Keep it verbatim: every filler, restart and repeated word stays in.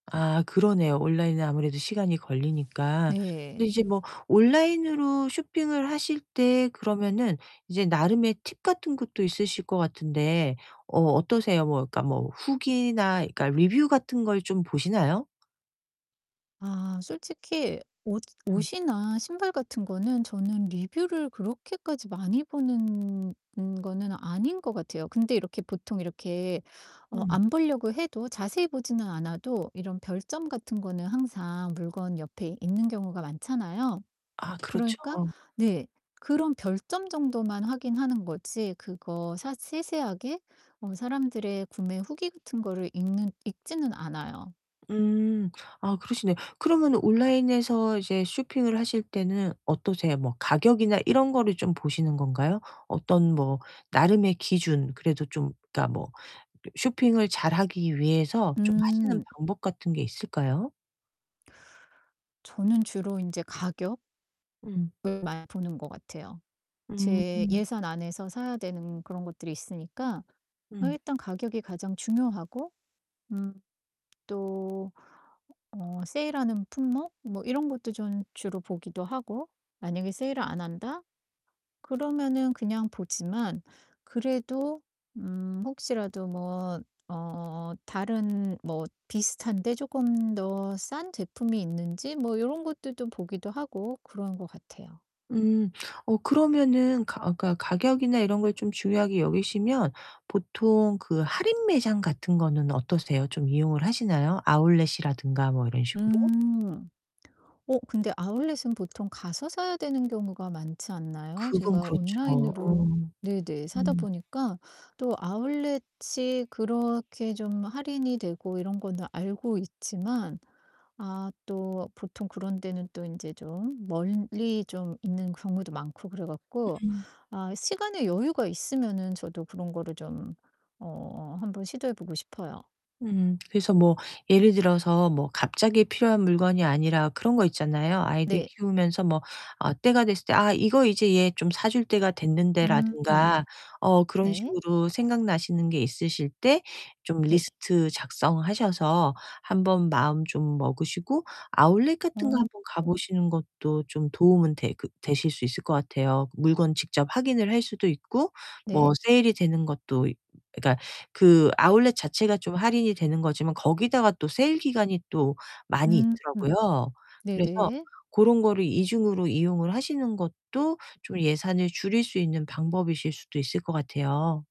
아 그러네요, 온라인은 아무래도 시간이 걸리니까. 근데 네. 이제 뭐 온라인으로 쇼핑을 하실 때 그러면은 이제 나름의 팁 같은 것도 있으실 것 같은데 어 어떠세요? 뭐 그러니까 뭐 후기나 그러니까 리뷰 같은 걸 좀 보시나요? 아 솔직히 옷 음. 옷이나 신발 같은 거는 저는 리뷰를 그렇게까지 많이 보는 는 거는 아닌 것 같아요. 근데 이렇게 보통 이렇게 어 음. 안 보려고 해도 자세히 보지는 않아도 이런 별점 같은 거는 항상 물건 옆에 있는 경우가 많잖아요. 아 그러니까 그렇죠. 네 그런 별점 정도만 확인하는 거지 그거 사 세세하게 어 사람들의 구매 후기 같은 거를 읽는 읽지는 않아요. 음. 아, 그러시네. 그러면은 온라인에서 이제 쇼핑을 하실 때는 어떠세요? 뭐 가격이나 이런 거를 좀 보시는 건가요? 어떤 뭐 나름의 기준, 그래도 좀 그러니까 뭐 쇼핑을 잘하기 위해서 좀 하시는 음. 방법 같은 게 있을까요? 저는 주로 인제 가격 음. 을 많이 보는 것 같아요. 제 음. 예산 안에서 사야 되는 그런 것들이 있으니까 어 음. 일단 가격이 가장 중요하고 음 또 어 세일하는 품목 뭐 이런 것도 좀 주로 보기도 하고 만약에 세일을 안 한다? 그러면은 그냥 보지만 그래도 음 혹시라도 뭐 어 다른 뭐 비슷한데 쪼금 더 싼 제품이 있는지 뭐 요런 것들도 보기도 하고 그러는 것 같아요. 음. 어 그러면은 가 어 그러니까 가격이나 이런 걸 좀 중요하게 여기시면 보통 그 할인매장 같은 거는 어떠세요? 좀 이용을 하시나요, 아웃렛이라든가 뭐 이런 식으로? 음. 어, 근데 아웃렛은 보통 가서 사야 되는 경우가 많지 않나요? 그건 제가 그렇죠. 온라인으로 어. 네네 사다 음. 보니까 또 아웃렛이 그렇게 좀 할인이 되고 이런 거는 알고 있지만, 아 또 보통 그런 데는 또 인제 좀 멀리 좀 있는 경우도 많고 그래 갖고 음. 아 시간의 여유가 있으면은 저도 그런 거를 좀 어 한번 시도해 보고 싶어요. 음. 그래서 뭐 예를 들어서 뭐 갑자기 필요한 물건이 아니라 그런 거 있잖아요. 아이들 네. 키우면서 뭐 아 때가 됐을 때 '아 이거 이제 얘 좀 사줄 때가 됐는데.' 음. 라든가 어 그런 네. 식으로 생각나시는 게 있으실 때 좀 네. 리스트 작성하셔서 한번 마음 좀 먹으시고 아웃렛 같은 거 한번 가 어. 보시는 것도 좀 도움은 돼 그 되실 수 있을 것 같아요. 물건 직접 확인을 할 수도 있고 뭐 네. 세일이 되는 것도 있 그니까 그 아웃렛 자체가 좀 할인이 되는 거지만 거기다가 또 세일 기간이 또 많이 음. 있더라고요. 그래서 네네. 고런 거를 이 중으로 이용을 하시는 것도 좀 예산을 줄일 수 있는 방법이실 수도 있을 것 같아요.